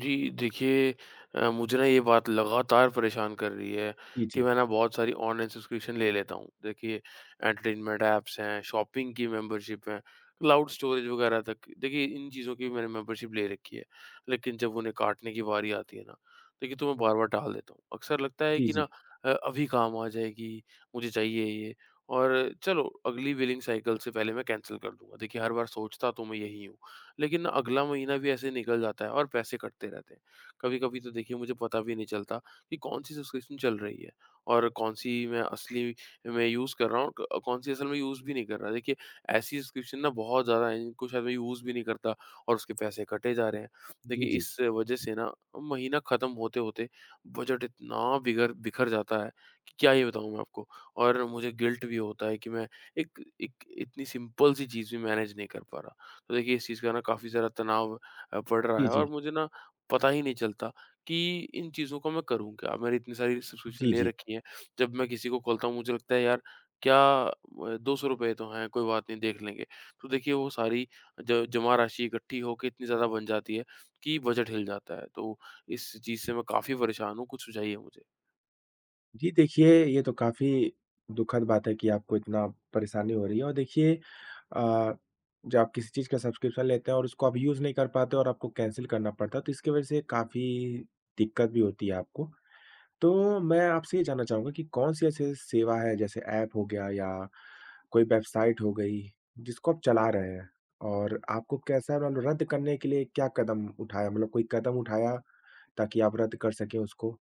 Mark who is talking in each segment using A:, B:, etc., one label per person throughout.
A: जी देखिए अ, मुझे ये बात लगातार परेशान कर रही है
B: जी,
A: कि
B: जी।
A: मैं बहुत सारी ऑनलाइन सब्सक्रिप्शन ले लेता हूँ। देखिए, एंटरटेनमेंट एप्स हैं, शॉपिंग की मेम्बर्शिप हैं, क्लाउड स्टोरेज वगैरह तक, देखिए इन चीजों की भी मैंने मेम्बर्शिप ले रखी है। लेकिन जब उन्हें काटने की बारी आती है ना, देखिए तो मैं बार-बार टाल देता हूँ। अक्सर लगता है
B: जी,
A: कि अ,
B: जी।
A: अभी काम आ जाएगी, मुझे चाहिए ये और चलो अगली बिलिंग साइकिल से पहले मैं कैन्सल कर दूँगा। देखिए, हर बार सोचता तो मैं यही हूँ, लेकिन अगला महीना भी ऐसे ही निकल जाता है और पैसे कटते रहते हैं। कभी-कभी तो मुझे पता भी नहीं चलता कि कौन सी सब्सक्रिप्शन चल रही है और कौन सी मैं असली में यूज़ कर रहा हूँ और क कौन सी असल में यूज़ भी नहीं कर रहा। ऐसी सब्सक्रिप्शन बहुत ज़्यादा हैं, जिनको शायद मैं यूज़ भी नहीं करता और उसके पैसे कटे जा रहे हैं। देखिए
B: जी, जी।
A: इस वजह से ना महीना खत्म होते-होते, बजट इतना बिगर बिखर जाता है कि क्या ही बताऊँ आपको। और मुझे गिल्ट भी होता है कि मैं एक एक इतनी सिम्पल सी चीज़ भी मेनेज नहीं कर पा रहा। तो देखिए, इस चीज़ का काफ़ी ज़्यादा तनाव अ, पड़ रहा
B: जी,
A: है और
B: जी।
A: मुझे ना पता ही नहीं चलता कि इन चीज़ों को मैं करूँ क्या। मैंने इतनी सारी सब्सक्रिप्शन
B: जी,
A: ले
B: जी।
A: रखी हैं, जब मैं किसी को खोलता हूँ, मुझे लगता है यार क्या म ₹200 तो हैं, कोई बात नहीं देख लेंगे। तो देखिए वो सारी ज जमा राशि इकट्ठी होके इतनी ज़्यादा बन जाती है, कि बजट हिल जाता है तो इस चीज़ से मैं काफ़ी परेशान हूँ। कुछ सुझाइए मुझे।
B: जी, देखिए, ये तो काफ़ी दुखद बात है कि आपको इतना परेशानी हो रही है और देखिए अ, जब आप किसी चीज़ का सब्स्क्रिप्शन लेते हैं और उसको आप यूज़ नहीं कर पाते और आपको कैंसल करना पड़ता है, तो इसके वजह से काफ़ी दिक्कत भी होती है आपको। तो मैं आपसे ये जानना चाहूँगा कि कौन-सी ऐसी सेवा है, जैसे एप हो गया या कोई वेबसाइट हो गई, जिसको आप चला रहे हैं और आपको कैसा रन रद्द करने के लिए क्या कदम उठाया? मतलब कोई कदम उठाया, ताकि आप रद्द कर सकें उसको?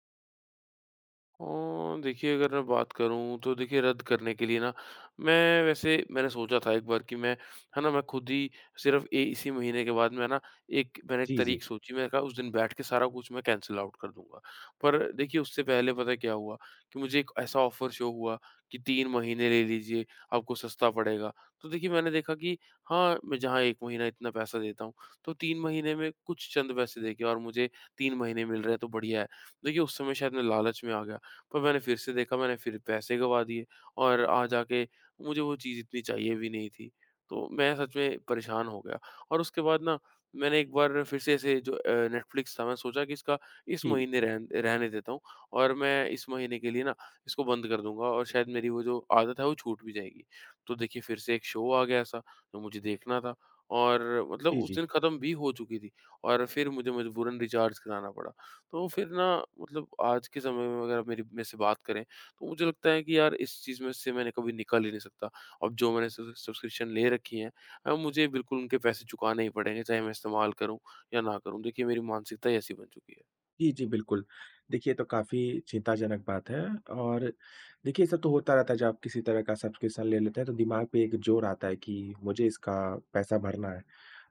A: ओ देखिए, अगर मैं बात करूँ, तो देखिए, रद्द करने के लिए ना, मैं वैसे मैंने सोचा था एक बार कि मैं है ना, मैं खुद ही सिर्फ़ ए, इसी महीने के बाद में ना, एक मैंने
B: जी, जी।
A: तारीख सोची। मैंने कहा, उस दिन बैठके सारा कुछ मैं कैंसल आउट कर दूँगा। पर देखिए, उससे पहले पता है, क्या हुआ? कि मुझे एक ऐसा ऑफ़र शो हुआ कि, "3 महीने ले लीजिए, आपको सस्ता पड़ेगा।" तो देखिए, मैंने देखा कि हाँ, मैं जहाँ 1 महीना इतना पैसा देता हूँ, तो 3 महीने में कुछ चंद पैसे देके और मुझे 3 महीने मिल रहे हैं, तो बढ़िया है। देखिए, उस समय, शायद मैं लालच में आ गया। पर मैंने फिर से देखा, मैंने फिर पैसे गँवा दिए, और आ जा के मुझे वो चीज़ इतनी चाहिए भी नहीं थी। तो मैं सच में परेशान हो गया और उसके बाद ना, मैंने एक बार फिर से ऐसे, जो अ, नेटफ्लिक्स था, मैं सोचा कि इसका इस
B: जी, जी।
A: महीने रहन रहने देता हूँ, और मैं इस महीने के लिए ना, इसको बंद कर दूँगा और शायद मेरी वो जो आदत है, वो छूट भी जाएगी। तो देखिए, फिर से एक शो आ गया ऐसा, जो मुझे देखना था और मतलब
B: जी,
A: उस
B: जी।
A: दिन खत्म भी हो चुकी थी और फिर मुझे मजबूरन रिचार्ज कराना पड़ा। तो फिर ना, मतलब आज के समय में अगर मेरी मेरे से बात करें, तो मुझे लगता है कि यार, इस चीज़ में से मैंने कभी निकल ही नहीं सकता। अब जो मैंने सब्ज़िस सब्स्क्रिप्शन ले रखी हैं अ, मुझे बिल्कुल उनके पैसे चुकाने ही पड़ेंगे, चाहे मैं इस्तेमाल करूँ या न करूँ। देखिए, मेरी मानसिकता ही ऐसी बन चुकी है।
B: जी, जी, बिल्कुल, देखिए तो काफ़ी चिंताजनक बात है और देखिए ऐसा तो होता रहता है जब आप किसी तरह का सब्सक्रिप्शन ले लेते हैं तो दिमाग पे एक जोर आता है कि मुझे इसका पैसा भरना है।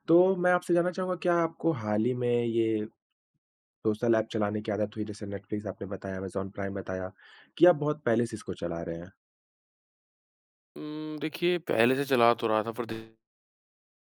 B: तो मैं आपसे जानना चाहूँगा क्या आपको हाल ही में ये सोशल एप चलाने की आदत हुई जैसे नेटफलिक्स आपने बताया, अमेज़न प्राइम बताया कि आप बहुत पहले से इसको चला रहे हैं।
A: उम, देखिए, पहले से चला तो रहा था पर दे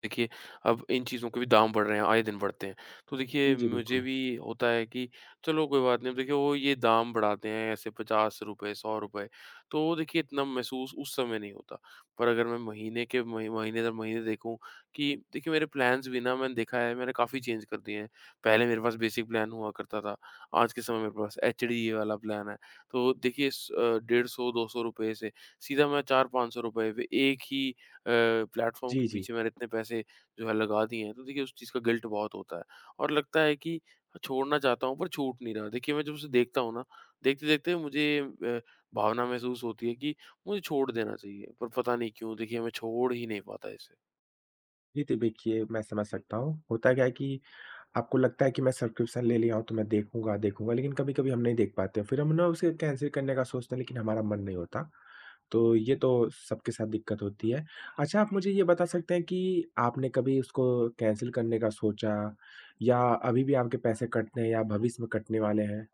A: देखिए, अब इन चीज़ों के भी दाम बढ़ रहे हैं, आए दिन बढ़ते हैं, तो देखिए
B: जी, जी,
A: मुझे
B: बिल्कुल।
A: भी होता है कि चलो कोई बात नहीं, अब वो देखिए वो ये दाम बढ़ाते हैं ऐसे ₹50, ₹100 तो वो इतना महसूस उस समय नहीं होता। पर अगर मैं महीने के म महीने-दर-महीने देखूँ, कि देखिए मेरे प्लान्स भी मैंने देखा है, मैंने काफ़ी चेंज कर दिए हैं। पहले मेरे पास बेसिक प्लान हुआ करता था, आज के समय मेरे पास एचडी वाला प्लान है। तो वो देखिए स अ, ₹150-200 से सीधा मैं ₹400-500 एक ही अ, प्लेटफॉर्म के
B: जी, जी।।
A: पीछे मैंने इतने पैसे जो हैं लगा दिए हैं तो देखिए उस चीज़ का गिल्ट बहुत होता है और लगता है कि छोड़ना चाहता हूँ पर छूट नहीं रहा। देखिए मैं जब उसे देखता हूँ ना, देखते-देखते मुझे अ, भावना महसूस होती है कि, मुझे छोड़ देना चाहिए पर पता नहीं क्यों मैं छोड़ ही नहीं पाता इसे।
B: जी, त देखिए, मैं समझ सकता हूँ। होता क्या है कि आपको लगता है कि मैं सब्सक्रिप्शन ले लिया हो तो मैं देखूँगा, देखूँगा लेकिन कभी-कभी हम नहीं देख पाते हैं, फिर हम ना उसे कैन्सल करने का सोचते हैं लेकिन हमारा मन नहीं होता, तो ये तो सबके साथ दिक्कत होती है। अच्छा, आप मुझे यह बता सकते हैं कि आपने कभी उसको कैन्सल करने का सोचा या अभी भी आपके पैसे कटते हैं या भविष्य में कटने वाले हैं।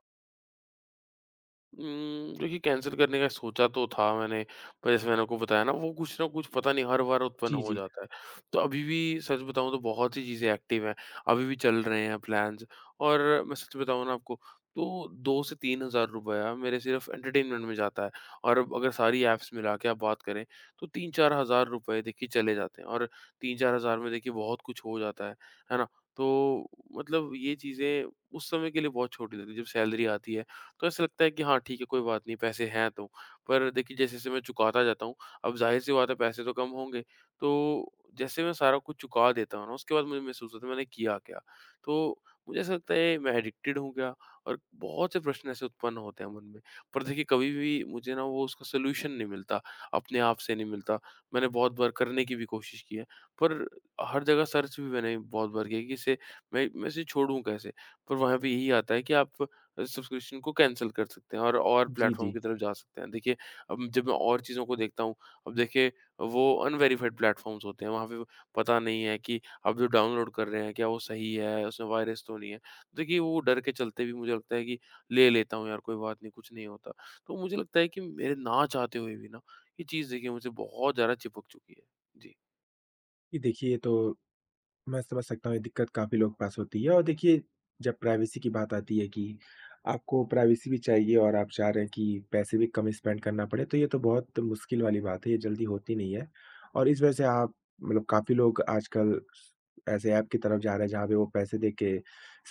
A: उम, देखिए कैन्सल करने का सोचा तो था मैंने, पर जैसे मैंने आपको बताया ना वो कुछ ना कुछ पता नहीं हर बार उत्पन्न
B: जी,
A: हो
B: जी।
A: जाता है। तो अभी भी सच बताऊँ तो बहुत सी चीजें एक्टिव हैं, अभी भी चल रहे हैं प्लान्स और मैं सच बताऊँ ना आपको तो 2 से ₹3000 मेरे सिर्फ एंटरटेनमेंट में जाता है और अब अगर सारी एप्स मिलाके आप बात करें, तो 3-4000 रुपये चले जाते हैं और 3-4000 में बहुत कुछ हो जाता है, है ना? तो मतलब ये चीज़ें उस समय के लिए बहुत छोटी लगती हैं जब सैलरी आती है, तो ऐसा लगता है कि हाँ ठीक है, कोई बात नहीं पैसे हैं तो। पर जैसे-जैसे मैं चुकाता जाता हूँ, अब ज़ाहिर-सी बात है पैसे तो कम होंगे। तो जैसे मैं सारा कुछ चुका देता हूँ ना, उसके बाद मुझे महसूस होता है मैंने किया क्या। तो मुझे ऐसा लगता है मैं एडिकटिड हूँ क्या और बहुत से प्रश्न ऐसे उत्पन्न होते हैं मन में। पर देखिए कभी भी मुझे ना वो उसका सोल्यूशन नहीं मिलता, अपने आप से नहीं मिलता, मैंने बहुत बार करने की भी कोशिश की है। पर हर जगह सर्च भी मैंने बहुत बार की है कि इसे मैं मैं इसे छोड़ूँ कैसे? पर वहाँ भी यही आता है कि आप अ, सब्सक्रिप्शन को कैन्सल कर सकते हैं और, और
B: जी,
A: प्लेटफॉर्म
B: जी।
A: की तरफ जा सकते हैं। देखिए अब जब मैं और चीज़ों को देखता हूँ, अब देखिए वो अनवेरिफाइड प्लेटफ़ॉर्म्स होते हैं। वहाँ पे वो पता नहीं है कि आप जो डाउनलोड कर रहे हैं क्या वो सही है, उसमें वायरस तो नहीं है। देखिए वो डर के चलते भी मुझे लगता है कि ले लेता हूँ यार कोई बात नहीं, कुछ नहीं होता। तो मुझे लगता है कि मेरे ना चाहते हुए भी ना, ये चीज़ मुझसे बहुत ज़्यादा चिपक चुकी है। जी।
B: जी देखिए ये तो मैं समझ सकता हूँ ये दिक़्क़त काफ़ी लोगों के पास होती है और देखिए जब प्राइवेसी की बात आती है कि आपको प्राइवेसी भी चाहिए और आप चाह रहे हैं कि पैसे भी कम स्पेंड करना पड़े तो ये तो बहुत मुश्किल वाली बात है। ये जल्दी होती नहीं है और इस वजह से आप मतलब काफ़ी लोग आजकल स ऐसे एप की तरफ़ जा रहे हैं जहाँ पे वो पैसे देके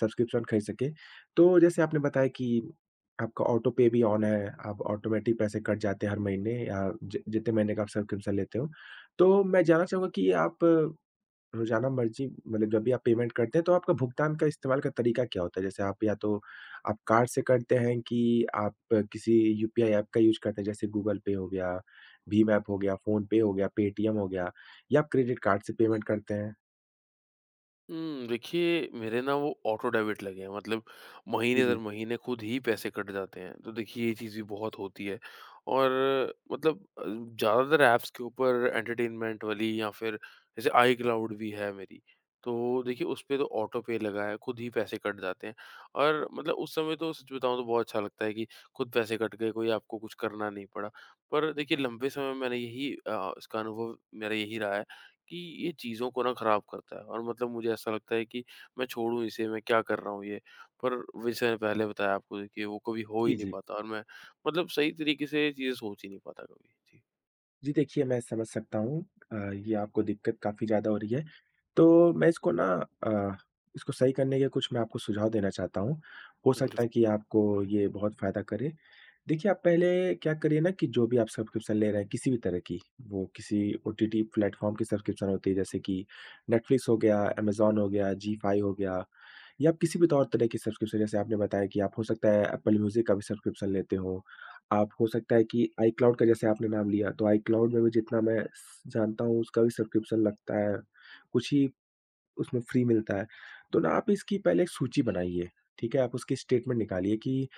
B: सब्सक्रिप्शन ख़रीद सकें। तो जैसे आपने बताया कि आपका ऑटो पे भी ऑन है। आप ऑटोमैटिक पैसे कट जाते हैं हर महीने आ जि जितने महीने का आप सब्सक्रिप्शन लेते हो। तो मैं जानना चाहूँगा कि आप रोज़ाना मर्ज़ी मतलब जब भी आप पेमेंट करते हैं तो आपका भुगतान का इस्तेमाल का तरीक़ा क्या होता है? जैसे आप या तो आप कार्ड से करते हैं कि आप किसी यूपीआई एप का यूज़ करते हैं जैसे गूगल पे हो गया, भीम एप हो गया, फ़ोनपे हो गया, पेटीएम हो गया या क्रेडिट कार्ड से पेमेंट करते हैं?
A: उम, देखिए मेरे ना वो ऑटो डेबिट लगे हैं। मतलब
B: उ
A: महीने दर
B: जी।
A: महीने ख़ुद ही पैसे कट जाते हैं। तो देखिए ये चीज़ भी बहुत होती है और मतलब अ, ज़्यादातर एप्प्स के ऊपर एंटरटेनमेंट वाली या फ़िर जैसे आईक्लॉउड भी है मेरी। तो देखिए उसपे तो ऑटो पे लगा है, ख़ुद ही पैसे कट जाते हैं और मतलब उस समय तो सच बताऊँ तो बहुत अच्छा लगता है कि ख़ुद पैसे कट गए, कोई आपको कुछ करना नहीं पड़ा। पर देखिए लंबे समय मैंने यही, अ, इसका अनुभव मेरा यही रहा है कि ये चीज़ों को ना ख़राब करता है और मतलब मुझे ऐसा लगता है कि मैं छोड़ूँ इसे, मैं क्या कर रहा हूँ ये। पर वैसे पहले बताया आपको कि वो कभी हो ही
B: जी,
A: नहीं
B: जी।
A: पाता और मैं मतलब सही तरीक़े से ये चीज़ें सोच ही नहीं पाता कभी। जी।
B: जी देखिए, मैं समझ सकता हूँ। अ, ये आपको दिक़्क़त काफ़ी ज़्यादा हो रही है तो मैं इसको ना अ, इसको सही करने के कुछ मैं आपको सुझाव देना चाहता हूँ। हो सकता
A: बिल्कु
B: है कि आपको ये बहुत फ़ायदा करे। देखिए आप पहले क्या करिए ना कि जो भी आप सब्सक्रिप्शन ले रहे हैं किसी भी तरह की वो किसी ओटीटी प्लेटफॉर्म की सब्सक्रिप्शन होती है जैसे कि नेटफ्लिक्स हो गया, अमेज़न हो गया, जी5 हो गया या किसी भी तौर तरह की सब्सक्रिप्शन जैसे आपने बताया कि आप हो सकता है एप्पल म्यूज़िक का भी सब्सक्रिप्शन लेते हो। आप हो सकता है कि आईक्लाउड का जैसे आपने नाम लिया तो आईक्लाउड में भी जितना मैं स जानता हूँ उसका भी सब्सक्रिप्शन लगता है। कुछ ही उसमें फ्री मिलता है। तो ना आप इसकी पहले एक सूची बनाइए। ठीक है? आप उसकी स्टेटमेंट निकालिए कि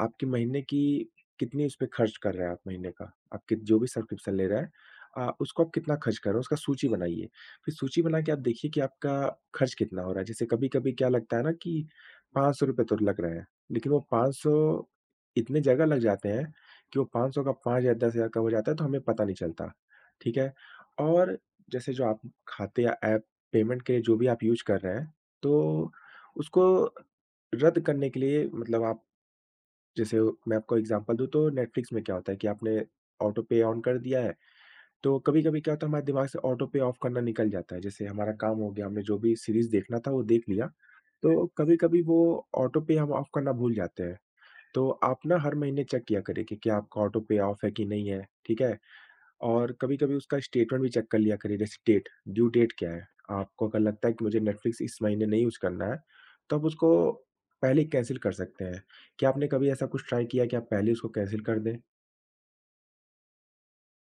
B: आपके महीने की कितनी उस पे ख़र्च कर रहे हैं आप महीने का। आपके जो भी सब्सक्रिप्शन ले रहे हैं अ, उसको आप कितना ख़र्च कर रहे हो, उसका सूची बनाइए। फ़िर सूची बनाकर आप देखिए कि आपका ख़र्च कितना हो रहा है। जैसे कभी-कभी क्या लगता है ना ₹500 तो लग रहे हैं। लेक़िन वो ₹500 इतनी जगह लग जाते हैं कि वो 500 का 5000-10,000 कब हो जाता है तो हमें पता नहीं चलता। ठीक है? और जैसे जो आप ख़ाते या एप पेमेंट के लिए जो भी आप यूज़ कर रहे हैं तो उसको रद्द करने के लिए मतलब आप जैसे वो मैं आपको एग्ज़ामपल दूँ तो नेटफ्लिक्स में क्या होता है कि आपने ऑटो पे ऑन कर दिया है तो कभी-कभी क्या होता है हमारे दिमाग से ऑटो पे ऑफ़ करना निकल जाता है। जैसे हमारा काम हो गया। हमने जो भी सीरीज़ देखना था वो देख लिया तो कभी-कभी वो ऑटो पे हम ऑफ़ करना भूल जाते हैं। तो आप ना हर महीने चेक किया करिए कि क्या आपका ऑटो पे ऑफ़ है कि नहीं है। ठीक है? और कभी-कभी उसका स्टेटमेंट भी चेक कर लिया करिए। जैसे डेट, ड्यू डेट क्या है। आपको अगर लगता है कि मुझे नेटफ्लिक्स इस महीने नहीं यूज़ करना है तो आप उसको पहले कैंसल कर सकते हैं। क्या आपने कभी ऐसा कुछ ट्राई किया कि आप पहले उसको कैंसल कर दें?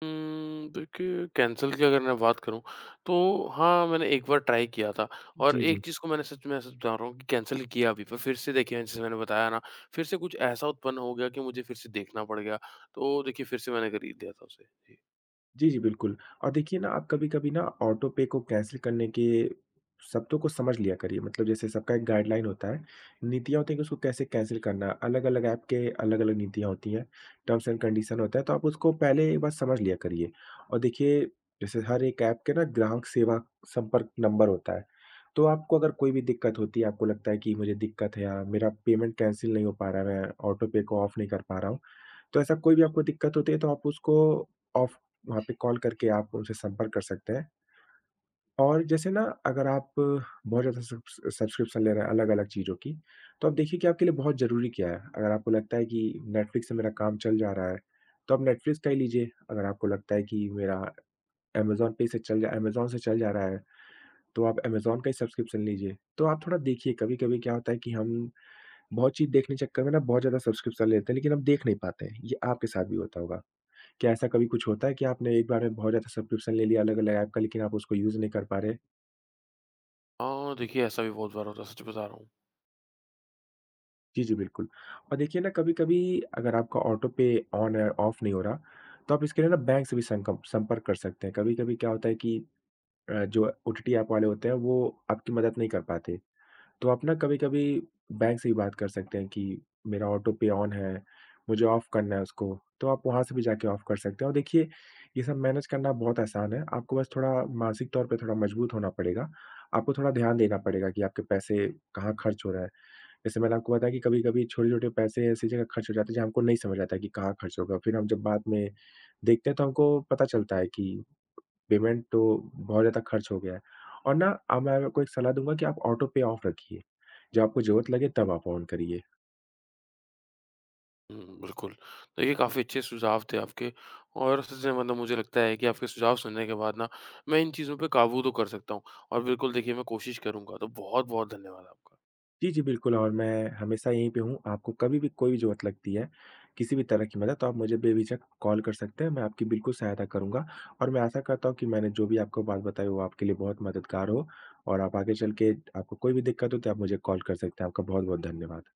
A: उम्म, देखिए कैंसल की अगर मैं बात करूँ तो हाँ, मैंने एक बार ट्राई किया था और
B: जी,
A: एक
B: जी।
A: चीज़ को मैंने सच मैं सच बता रहा हूँ कि कैंसल किया भी, पर फ़िर से देखिए जैसे मैंने बताया ना फ़िर से कुछ ऐसा उत्पन्न हो गया कि मुझे फ़िर से देखना पड़ गया। तो देखिए फ़िर से मैंने ख़रीद लिया था उसे, जी।
B: जी, जी, बिल्कुल। और देखिए ना, आप कभी-कभी ना, ऑटो पे को कैंसल करने के शब्दों को समझ लिया करिए। मतलब जैसे सबका एक गाइड्लाइन होता है। नीतियाँ होती हैं कि उसको कैसे कैंसल करना है। अलग-अलग एप के अलग-अलग नीतियाँ होती हैं। टर्म्स एण्ड कन्डिशन होता है, तो आप उसको पहले एक बार समझ लिया करिए और देखिए, जैसे हर एक एप के ना, ग्राहक सेवा संपर्क नंबर होता है। तो आपको अगर कोई भी दिक्कत होती है, आपको लगता है कि, "मुझे दिक्कत है या मेरा पेमेंट कैंसल नहीं हो पा रहा है। मैं ऑटो पे को ऑफ नहीं कर पा रहा हूँ।" तो ऐसा कोई भी आपको दिक्कत होती है, तो आप उसको ऑफ वहाँ पे कॉल करके आप उनसे संपर्क कर सकते हैं। और जैसे ना, अगर आप बहुत ज़्यादा सब्स सब्स्क्रिप्शन ले रहे हैं, अलग-अलग चीज़ों की, तो आप देखिए कि आपके लिए बहुत ज़रूरी क्या है। अगर आपको लगता है कि नेटफ्लिक्स से मेरा काम चल जा रहा है, तो आप नेटफ्लिक्स का ही लीजिए। अगर आपको लगता है कि मेरा अमेज़न पे से चल अमेज़न से चल जा रहा है, तो आप अमेज़न का ही सब्स्क्रिप्शन लीजिए। तो आप थोड़ा देखिए, कभी-कभी क्या होता है कि हम बहुत चीज़ देखने के चक्कर में ना, बहुत ज़्यादा सब्स्क्रिप्शन ले लेते हैं, लेकिन हम देख नहीं पाते हैं। ये आपके साथ भी होता होगा। क्या ऐसा कभी कुछ होता है कि आपने एक बार में बहुत ज़्यादा सब्स्क्रिप्शन ले लिया अलग-अलग एप का, लेकिन आप उसको यूज़ नहीं कर पा रहे हैं?
A: हाँ, देखिए, ऐसा भी बहुत बार होता है, सच बता रहा हूँ।
B: जी, जी, बिल्कुल। और देखिए ना, कभी-कभी अगर आपका ऑटो पे ऑन है, ऑफ नहीं हो रहा, तो आप इसके लिए ना, बैंक से भी संकप संपर्क कर सकते हैं। कभी-कभी क्या होता है कि अ, जो ओटीटी एप वाले होते हैं, वो आपकी मदद नहीं कर पाते। तो आप ना, कभी-कभी बैंक से भी बात कर सकते हैं कि, "मेरा ऑटो पे ऑन है। मुझे ऑफ करना है उसको।" तो आप वहाँ से भी जाके ऑफ कर सकते हैं। और देखिए, ये सब मैनेज करना बहुत आसान है। आपको बस थोड़ा मानसिक तौर पे थोड़ा मज़बूत होना पड़ेगा। आपको थोड़ा ध्यान देना पड़ेगा कि आपके पैसे कहाँ खर्च हो रहा है। जैसे मैंने आपको बताया कि कभी-कभी छोटे-छोटे पैसे ऐसी जगह खर्च हो जाते हैं, जहाँ हमको नहीं समझ आता कि कहाँ खर्च हो गया। फिर हम जब बाद में देखते हैं, तो हमको पता चलता है कि पेमेंट तो बहुत ज़्यादा खर्च हो गया है। और ना, अब मैं आज आपको एक सलाह दूँगा कि आप ऑटो पे ऑफ रखिए। जब आपको ज़रूरत लगे, तब आप ऑन करिए।
A: उम, बिल्कुल। देखिए, काफ़ी अच्छे सुझाव थे आपके और इसी से मतलब मुझे लगता है कि आपके सुझाव सुनने के बाद ना, मैं इन चीज़ों पे काबू तो कर सकता हूँ। और बिल्कुल, देखिए, मैं कोशिश करूँगा। तो बहुत-बहुत धन्यवाद आपका।
B: जी, जी, बिल्कुल और मैं हमेशा यहीं पे हूँ। आपको कभी भी कोई ज़रूरत लगती है, किसी भी तरह की मदद, तो आप मुझे बेझिझक कॉल कर सकते हैं, मैं आपकी बिल्कुल सहायता करूँगा। और मैं आशा करता हूँ कि मैंने जो भी आपको बात बताई वो आपके लिए बहुत मददगार हो, और आप आगे चलके आपको कोई भी दिक्कत हुई, तो आप मुझे कॉल कर सकते हैं। आपका बहुत-बहुत धन्यवाद।